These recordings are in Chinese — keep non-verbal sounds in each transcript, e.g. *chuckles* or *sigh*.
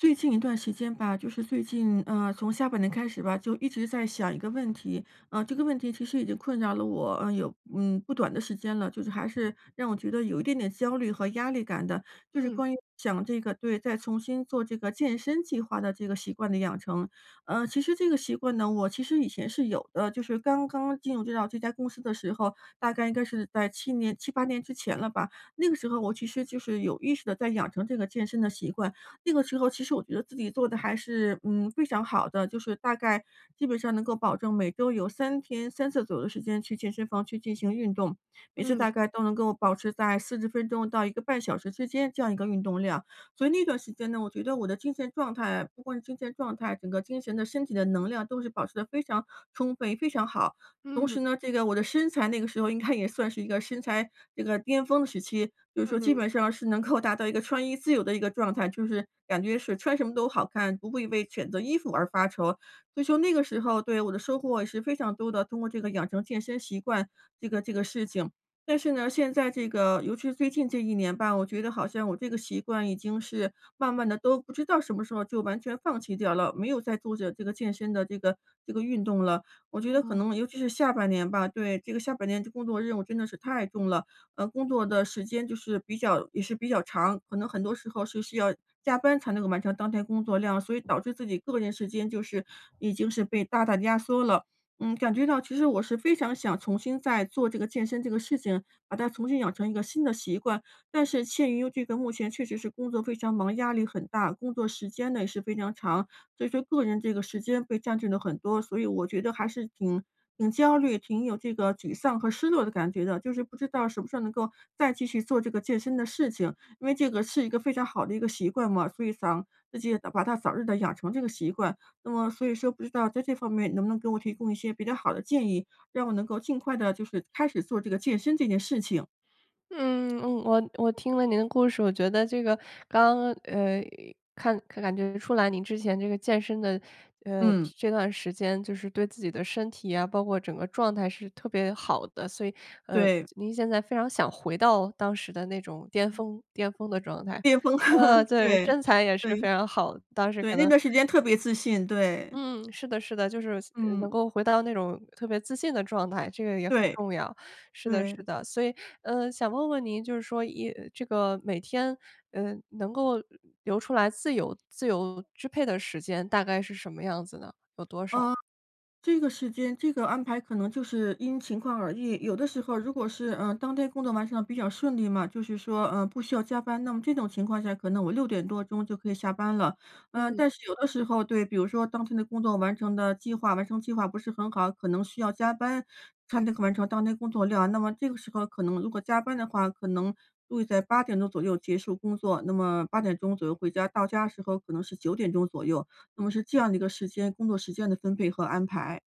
最近一段时间吧，就是最近，呃，从下半年开始吧，就一直在想一个问题，啊，这个问题其实已经困扰了我有，呃，嗯，不短的时间了，就是还是让我觉得有一点点焦虑和压力感的。就是嗯。关于想这个对，再重新做这个健身计划的这个习惯的养成，呃，其实这个习惯呢，我其实以前是有的，就是刚刚进入到这家公司的时候，大概应该是在7年7-8年之前了吧。那个时候我其实就是有意识地在养成这个健身的习惯。那个时候其实我觉得自己做得还是，嗯，非常好的，就是大概基本上能够保证每周有3天3次左右的时间去健身房去进行运动，每次嗯。大概都能够保持在40分钟到1个半小时之间这样一个运动量。所以那段时间呢，我觉得我的精神状态不光是精神状态，整个精神的身体的能量都是保持得非常充分也非常好。同嗯。时呢，这个我的身材那个时候应该也算是一个身材这个巅峰的时期，就是说基嗯。本上是能够 *chuckles* 达到一个穿衣自由的一个状态，就是感觉是穿什么都好看，不会为选择衣服而发愁，所以说那个时候，对，我的收获也是非常多的，通过这个养成健身习惯这个这个事情。但是呢，现在这个，尤其是最近这1年吧，我觉得好像我这个习惯已经是慢慢地都不知道什么时候就完全放弃掉了，没有在做着健身的这个这个运动了。我觉嗯得可嗯。能尤其是下半年吧，对，这个下半年的工作任务真的是太重了，嗯，工作的时间就是比较也是比较长，可能很多时候是需要加班才能够完成当天工作量，所以导致自己个人时间就是已经是被大大压缩了。嗯，感觉到其实我是非常想重新再做这个健身这个事情，把它重新养成一个新的习惯，但是陷于这个目前确实是工作非常忙，压力很大，工作时间呢也是非常长，所以说个人这个时间被占据了很多，所以我觉得还是挺挺焦虑，挺有这个沮丧和失落的感觉的，就是不知道什么时候能够再继续做这个健身的事情，因为这个是一个非常好的一个习惯嘛，所以想自己把它早日地养成这个习惯。那么所以说不知道在这方面能不能给我提供一些比较好的建议？让我能够尽快地就是开始做这个健身这件事情。嗯，嗯，我我听了您的故事，我觉得这个刚呃，看感觉出来您之前这个健身的，呃，嗯。这段时间就是对自己的身体啊，包括整个状态是特别好的，所以，呃，对。您现在非常想回到当时的那种巅峰巅峰的状态。巅峰。呃 *laughs* 对，对，身材也是对，非常好的，当时对，可那能段时间特别自信，对。嗯，是的是的，就是能嗯。够回到那种特别自信的状态，这个也很对。重要。是的是对。的，所以，呃，想问问您就是说，一这个每天，呃，能够留出来自由自由支配的时间大概是什么样子呢？有多少？嗯，这个时间这个安排可能就是因情况而异。有的时候如果是，呃，当天工作完成得比较顺利嘛，就是说，呃，不需要加班，那么这种情况下可能我6点多钟就可以下班了。呃，嗯。但是有的时候，对，比如说当天的工作完成的计划完成计划不是好，可能需要加班才能够完成当天工作量，那么这个时候可能如果加班的话，可能会在8点钟左右结束工作，那么8点钟左右回家，到家时候可能是9点钟左右，那么是这样的一个时间工作时间的分配和安排，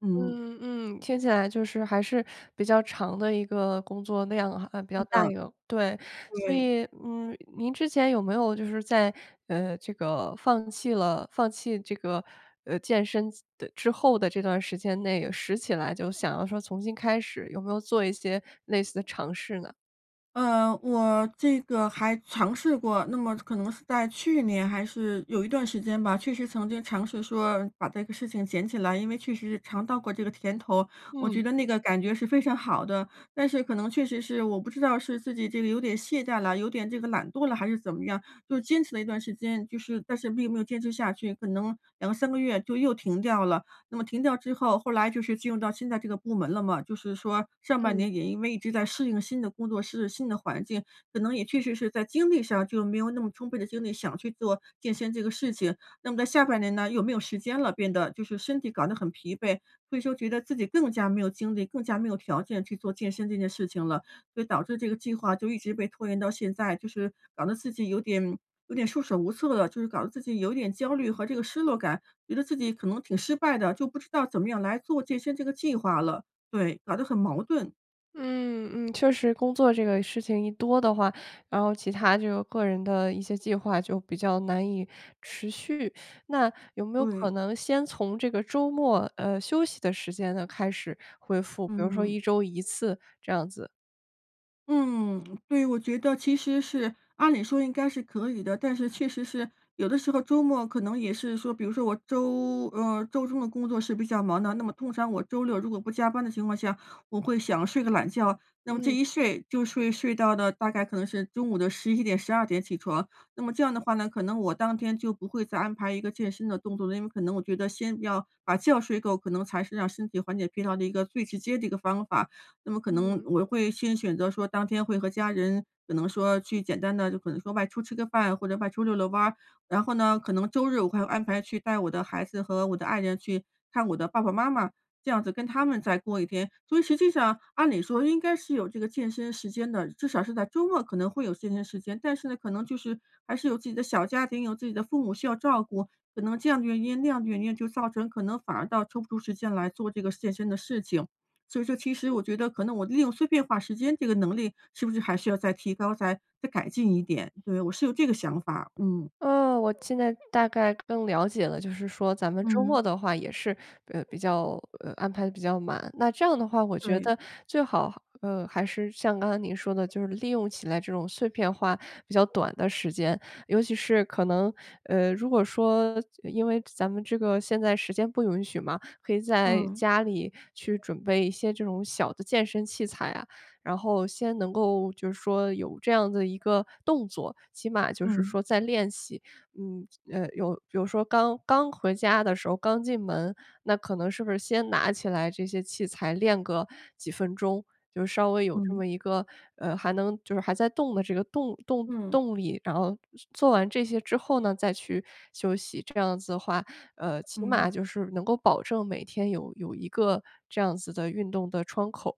嗯。嗯嗯，听起来就是还是比较长的一个工作量啊，比较是大的。一个。对，所对。以，嗯，您之前有没有就是在，呃，这个放弃了放弃这个，呃，健身的之后的这段时间内，拾起来就想要说重新开始，有没有做一些类似的尝试呢？呃，我这个还尝试过，那么可能是在去年还是有一段时间吧，确实曾经尝试说把这个事情捡起来，因为确实尝到过这个甜头，我嗯。觉得那个感觉是非常好的。但是可能确实是我不知道是自己这个有点懈怠了，有点这个懒惰了还是怎么样，就坚持了一段时间，就是但是并没有坚持下去，可能2-3个月就又停掉了。那么停掉之后，后来就是进入到现在这个部门了嘛，就是说上半嗯。年也因为一直在适应新的工作室新的环境，可能也确实是在精力上就没有那么充分的精力，想去做健身这个事情。那么在下半年呢，又没有时间了变得，就是身体搞得很疲惫，所以说觉得自己更加没有精力，更加没有条件去做健身这件事情了。所以导致这个计划就一直被拖延到现在，就是搞得自己有点有点束手无策了，就是搞得自己有点焦虑和这个失落感，觉得自己可能挺失败的，就不知道怎么样来做健身这个计划了，对，搞得很矛盾。嗯嗯，确实工作这个事情一多的话，然后其他就个人的一些计划就比较难以持续。那有没有对。可能先从这个周末，呃，休息的时间呢开始恢复，比如说嗯。1周1次这样子。嗯，对，我觉得其实是按理说应该是可以的，但是确实是有的时候周末可能也是说，比如说我周呃，周中的工作是比较忙的，那么通常我周六如果不加班的情况下，我会想睡个懒觉，那么这嗯。一睡就睡睡到了大概可能是中午的11点12点起床，那么这样的话呢，可能我当天就不会再安排一个健身的动作了。因为可能我觉得先要把觉睡够，可能才是让身体缓解疲劳的一个最直接的一个方法。那么可能嗯。我会先选择说当天会和家人可能说去简单的，就可能说外出吃个饭或者外出溜溜弯儿，然后呢，可能周日我会安排去带我的孩子和我的爱人去看我的爸爸妈妈，这样子跟他们再过一天。所以实际上按理说应该是有这个健身时间的，至少是在周末可能会有健身时间，但是呢，可能就是还是有自己的小家庭，有自己的父母需要照顾，可能这样的原因那样的原因，就造成可能反而倒抽不出时间来做这个健身的事情。所以说其实我觉得可能我利用碎片化时间这个能力是不是还需要再提高，再再改进一点？对，我是有这个想法，嗯。呃，我现在大概更了解了，就是说咱们周末嗯。的话也是，呃，比较呃，安排得比较满。那这样的话我觉对。得最好，呃，还是像刚才您说的就是利用起来这种碎片化比较短的时间，尤其是可能呃，如果说就因为咱们这个现在时间不允许嘛，可以在嗯。家里去准备一些这种小的健身器材啊。然后先能够就是说有这样子一个动作，起码就是嗯。说在练习。嗯，呃，有比如说刚刚回家的时候刚进门，那可能是不是先拿起来这些器材练个几分钟，就稍微有这嗯。么一个呃，还能就是还在动的这个动动嗯。动力，然后做完这些之后呢，再去休息，这样子的话，呃，起码嗯。就是能够保证每天有有一个这样子的运动的窗口。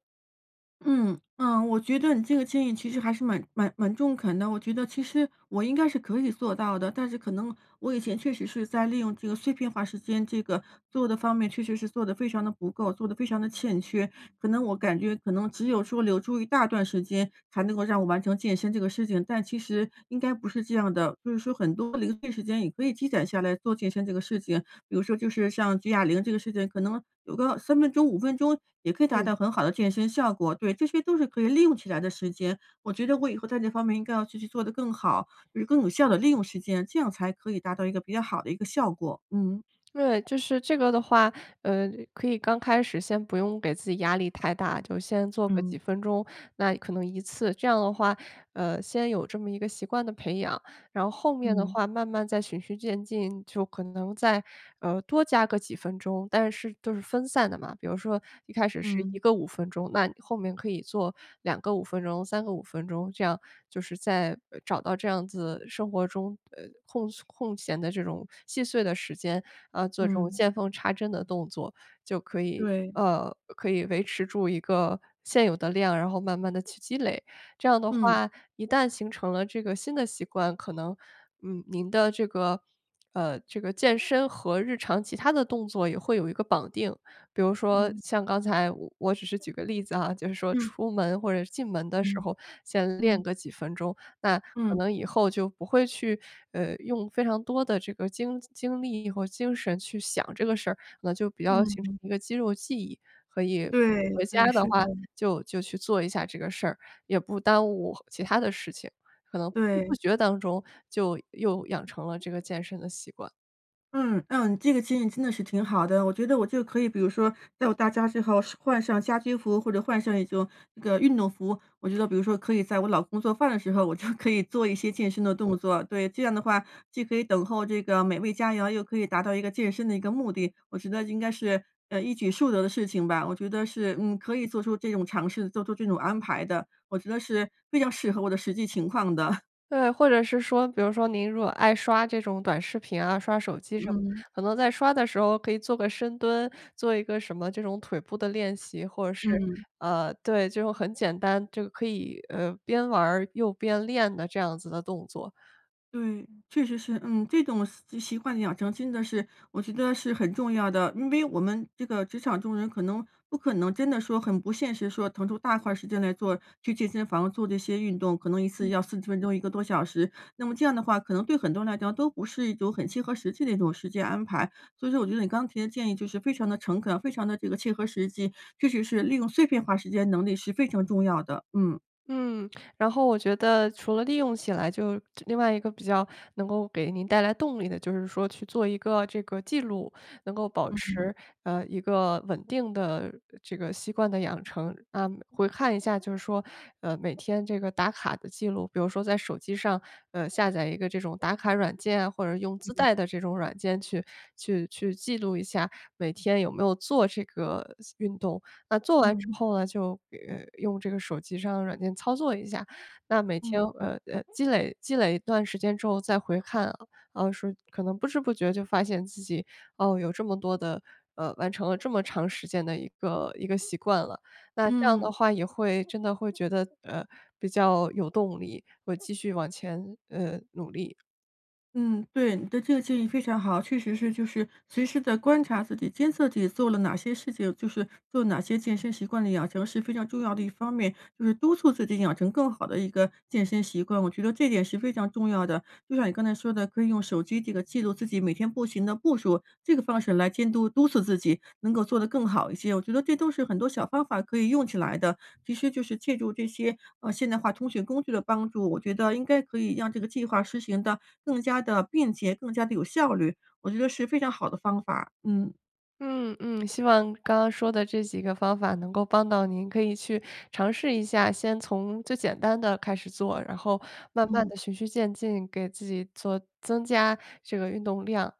嗯，呃，我觉得你这个建议其实还是蛮蛮蛮中肯的，我觉得其实我应该是可以做到的，但是可能我以前确实是在利用这个碎片化时间，这个做的方面确实是做的非常的不够，做的非常的欠缺，可能我感觉可能只有说留住一大段时间才能够让我完成健身这个事情，但其实应该不是这样的，就是说很多零碎时间也可以积攒下来做健身这个事情，比如说就是像举哑铃这个事情，可能有个3分钟、5分钟也可以达嗯。到很好的健身效果，对，这些都是可以利用起来的时间，我觉得我以后在这方面应该要继续做的更好，就是更有效的利用时间，这样才可以达到一个比较好的一个效果，嗯。对，就是这个的话，呃，可以刚开始先不用给自己压力太大，就先做个几嗯。分钟，那可能一次，这样的话，呃，先有这么一个习惯的培养，然后后面的嗯。话慢慢再循序渐进，就可能再，呃，多加个几分钟，但是都是分散的嘛，比如说一开始是1嗯。个5分钟，那你后面可以做2个5分钟，3个5分钟，这样就是在，找到这样子生活中，呃，空空闲的这种细碎的时间，呃，做这种嗯。见缝插针的动作，就可以对。呃，可以维持住一个现有的量，然后慢慢地去积累，这样的嗯。话一旦形成了这个新的习惯，可能，嗯，您的这个呃，这个健身和日常其他的动作也会有一个绑定。比如说嗯。像刚才，我只是举个例子啊，就是说嗯。出门或者是进门的时嗯。候先嗯。练个几分钟，那可嗯。能以后就不会去，呃，用非常多的这个精精力和精神去想这个事儿，那就比较嗯形成哼。一个肌肉记忆，所以不对，回家对，的是的。话就就去做一下这个事儿，也不耽误其它的事情，可能不知不对。觉当中就又养成了这个健身的习惯。嗯，嗯，这个情景真的是挺好的。我觉得，我就可以比如说，等到到家之后换上家居服，或者换上一种那个运动服，我觉得比如说，可以在我老公做饭的时候，我就 *chuckles* 可以做一些嗯。健身的动作。对，这样的话，既可以等候这个美味佳肴，又可以达到一个健身的一个目的。我觉得应该是，呃，一举数得的事情吧。我觉得是，嗯，可以做出这种尝试，做出这种安排的，我觉得是比较适合我的实际情况的。*chuckles* 对，或者是说，比如说，您如果爱刷这种短视频啊、刷手机什么，嗯。可能在刷的时候可以做个深蹲，做一个什么这种腿部的练习，或者是，嗯。呃，对，就很简单，就可以，呃，边玩儿，又边练的这样子的动作。对，确实是，嗯，这种习习惯养成，真的是我觉得是很重要的，因为我们这个职场中人，可能不可能真的说很不现实说，腾出大块儿时间来做去健身房，做这些运动，可能1次嗯。要40分钟1个多小时，那么这样的话，可能对很多人来讲，都不是一种很切合实际的一种时间安排，所以说我觉得你刚提的建议就是非常地诚恳，非常地这个切合实际，确实是利用碎片化时间能力是非常重要的。嗯。嗯，然后我觉得除了利用起来就另外一个比较能够给您带来动力的就是说去做一个这个记录，能够保嗯。持，呃，一个稳定的这个习惯的养成。啊，回看一下就是说，呃，每天这个打卡的记录，比如说在手机上，呃，下载一个这种打卡软件啊，或者用自嗯。带的这种软件去去去记录一下每天有没有做这个运动。那做完之嗯。后呢，就，呃，用这个手机上的软件操作一下，那每天，嗯。呃，积累积累一段时间之后再回看，啊，说可能不知不觉就发现自己，哦，有这么多的呃，完成了这么长时间的一个一个习惯了。那这样嗯。的话也会真的会觉得，呃，比较有动力，会继续往前，呃，努力。嗯，对，你的这个建议非常好。确实是就是随时的观察自己，监测自己做了哪些事情，就是做哪些健身习惯的养成是非常重要的一方面，就是督促自己养成更好的一个健身习惯，我觉得这点是非常重要的。就像你刚才说的，可以用手机这个记录自己每天步行的步数，这个方式来监督，督促自己能够做得更好一些。我觉得这都是很多小方法可以用起来的，其实就是借助这些，呃，现代化通讯工具的帮助，我觉得应该可以让这个计划实行的更加地便捷，更加地有效率。我觉得是非常好的方法，嗯。嗯嗯，希望刚刚说的这几个方法能够帮到您，可以去尝试一下。先从最简单的开始做，然后慢慢嗯。地循序渐进给自己做增加这个运动量。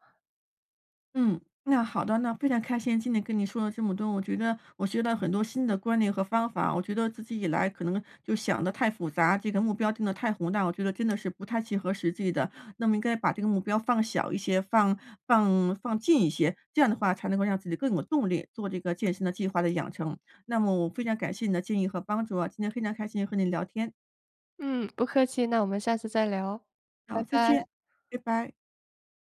嗯，那好的，那非常开心今天跟你说了这么多，我觉得我学到很多新的观念和方法。我觉得自己以来可能就想的太复杂，这个目标定的太宏大，我觉得真的是不太切合实际的。那么应该把这个目标放小一些，放放放近一些，这样的话才能够让自己更有动力做这个健身的计划的养成。那么我非常感谢你的建议和帮助啊，今天非常开心和你聊天。嗯，不客气，那我们下次再聊，拜好，再拜。见，拜拜。